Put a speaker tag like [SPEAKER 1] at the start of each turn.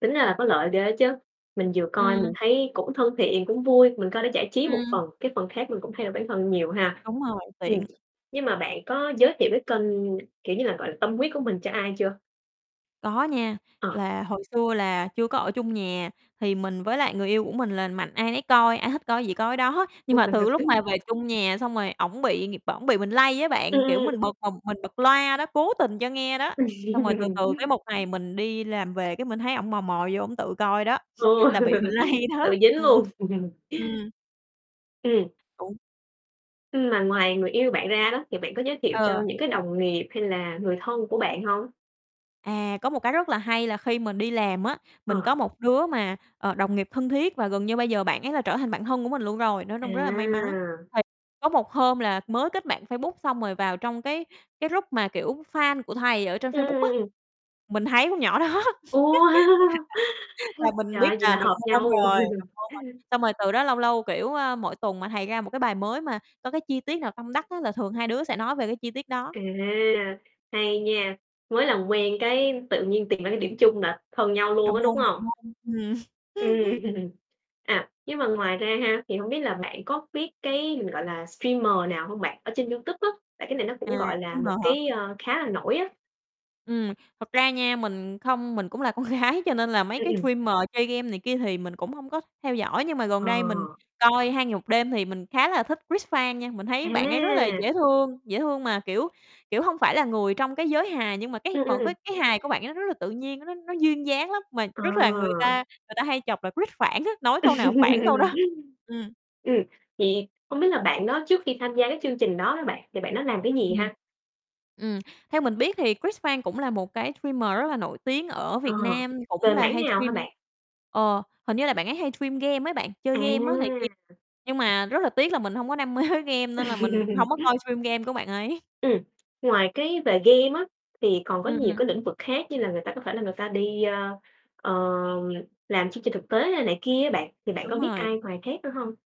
[SPEAKER 1] Tính ra là có lợi ghê á chứ. Mình vừa coi mình
[SPEAKER 2] Ừm.
[SPEAKER 1] thấy cũng thân thiện, cũng vui, mình coi để giải trí một
[SPEAKER 2] Ừm.
[SPEAKER 1] phần, cái phần khác mình cũng thay đổi bản thân nhiều ha.
[SPEAKER 2] Đúng rồi,
[SPEAKER 1] Ừm,
[SPEAKER 2] tiện.
[SPEAKER 1] nhưng mà bạn có giới thiệu cái kênh, kiểu như là, gọi là, tâm huyết của mình cho ai chưa?
[SPEAKER 2] Có nha.
[SPEAKER 1] Ờ.
[SPEAKER 2] Là hồi xưa là chưa có ở chung nhà, thì mình với lại người yêu của mình là mạnh ai nấy coi, ai thích coi cái gì coi cái đó, nhưng mà từ lúc mà
[SPEAKER 1] [unintelligible]
[SPEAKER 2] về chung nhà xong rồi ổng bị [unintelligible] ổng bị mình lây á
[SPEAKER 1] Ừm,
[SPEAKER 2] bạn, kiểu,
[SPEAKER 1] ừm,
[SPEAKER 2] mình
[SPEAKER 1] ừm.
[SPEAKER 2] bật mà mình bật loa đó, cố tình cho nghe đó,
[SPEAKER 1] Ừm.
[SPEAKER 2] xong rồi từ từ cái một ngày mình đi làm về, cái mình thấy ổng mò mò vô ổng tự coi đó,
[SPEAKER 1] Ờ.
[SPEAKER 2] là bị mình lây đó.
[SPEAKER 1] Tự dính
[SPEAKER 2] Ừm,
[SPEAKER 1] luôn.
[SPEAKER 2] ừm.
[SPEAKER 1] Ừm.
[SPEAKER 2] Đúng.
[SPEAKER 1] Ừm, mà ngoài người yêu bạn ra đó, thì bạn có giới thiệu cho
[SPEAKER 2] Ờ.
[SPEAKER 1] những cái đồng nghiệp hay là người thân của bạn hông?
[SPEAKER 2] À, có một cái rất là hay là khi mình đi làm á, mình có
[SPEAKER 1] Ờ.
[SPEAKER 2] một đứa mà, ờ, đồng nghiệp thân thiết và gần như bây giờ bạn ấy là trở thành bạn thân của mình luôn rồi, nói chung rất là may mắn,
[SPEAKER 1] À!
[SPEAKER 2] thì có một hôm là mới kết bạn Facebook xong rồi vào trong cái cái group mà, kiểu, fan của thầy ở trên Facebook á,
[SPEAKER 1] Ừm.
[SPEAKER 2] mình thấy con nhỏ đó,
[SPEAKER 1] Ô,
[SPEAKER 2] là là mình
[SPEAKER 1] trời
[SPEAKER 2] biết
[SPEAKER 1] ơi, vậy
[SPEAKER 2] là
[SPEAKER 1] là
[SPEAKER 2] đồng
[SPEAKER 1] hợp
[SPEAKER 2] môn
[SPEAKER 1] nhau!
[SPEAKER 2] rồi, đồng môn rồi. Xong rồi từ đó lâu lâu, kiểu, ơ, mỗi tuần mà thầy ra một cái bài mới mà có cái chi tiết nào tâm đắc á là thường hai đứa sẽ nói về cái chi tiết đó.
[SPEAKER 1] À, hay nha. Mới làm quen cái tự nhiên tìm ra cái điểm chung là thân nhau luôn
[SPEAKER 2] Đồng
[SPEAKER 1] á, đúng
[SPEAKER 2] môn, đồng
[SPEAKER 1] hông?
[SPEAKER 2] môn, ừm.
[SPEAKER 1] Ừm. À, nhưng mà ngoài ra ha, thì hông biết là bạn có biết cái, mình gọi là streamer nào hông bạn ở trên YouTube á, tại cái này nó cũng,
[SPEAKER 2] À,
[SPEAKER 1] gọi là,
[SPEAKER 2] streamer
[SPEAKER 1] một
[SPEAKER 2] hả?
[SPEAKER 1] cái, ờ, khá là nổi á?
[SPEAKER 2] Ừm, thật ra nha, mình không mình cũng là con gái cho nên là mấy
[SPEAKER 1] Ừm,
[SPEAKER 2] cái
[SPEAKER 1] ừm.
[SPEAKER 2] streamer chơi game này kia thì mình cũng hông có theo dõi, nhưng mà gần
[SPEAKER 1] Ờ.
[SPEAKER 2] đây mình coi 2 Ngày 1 Đêm thì mình khá là thích Cris Phan nha. Mình thấy bạn ấy rất là
[SPEAKER 1] À!
[SPEAKER 2] dễ thương dễ thương mà, kiểu kiểu, hông phải là người trong cái giới hài nhưng mà cái
[SPEAKER 1] Ừm, ừm,
[SPEAKER 2] mọi cái
[SPEAKER 1] ừm.
[SPEAKER 2] cái hài của bạn ấy nó rất là tự nhiên, nó nó duyên dáng lắm, mà
[SPEAKER 1] Ờ.
[SPEAKER 2] rất là người ta người ta hay chọc là Cris Phản á, nói câu nào phản câu đó. Ừm.
[SPEAKER 1] Ừm, vậy hông biết là bạn đó trước khi tham gia cái chương trình đó đó bạn, thì bạn đó làm cái gì
[SPEAKER 2] Ừm.
[SPEAKER 1] ha?
[SPEAKER 2] Ừm, theo mình biết thì Cris Phan cũng là một cái streamer rất là nổi tiếng ở
[SPEAKER 1] Ờ,
[SPEAKER 2] Việt Nam, cũng
[SPEAKER 1] về
[SPEAKER 2] là
[SPEAKER 1] mảng
[SPEAKER 2] hay
[SPEAKER 1] nào hả
[SPEAKER 2] stream
[SPEAKER 1] bạn?
[SPEAKER 2] ờ, hình như là bạn ấy hay stream game ấy bạn, chơi game á này kia,
[SPEAKER 1] À!
[SPEAKER 2] nhưng mà rất là tiếc là mình hông có đam mê với game, nên là mình hông có coi stream game của bạn ấy.
[SPEAKER 1] Ừm, ngoài cái về game á, thì còn có nhiều
[SPEAKER 2] Ừm.
[SPEAKER 1] cái lĩnh vực khác như là người ta có thể là người ta đi, ơ, ờ, làm chương trình thực tế hay này kia á bạn, thì bạn có
[SPEAKER 2] Đúng
[SPEAKER 1] biết
[SPEAKER 2] rồi.
[SPEAKER 1] ai ngoài khác nữa hông?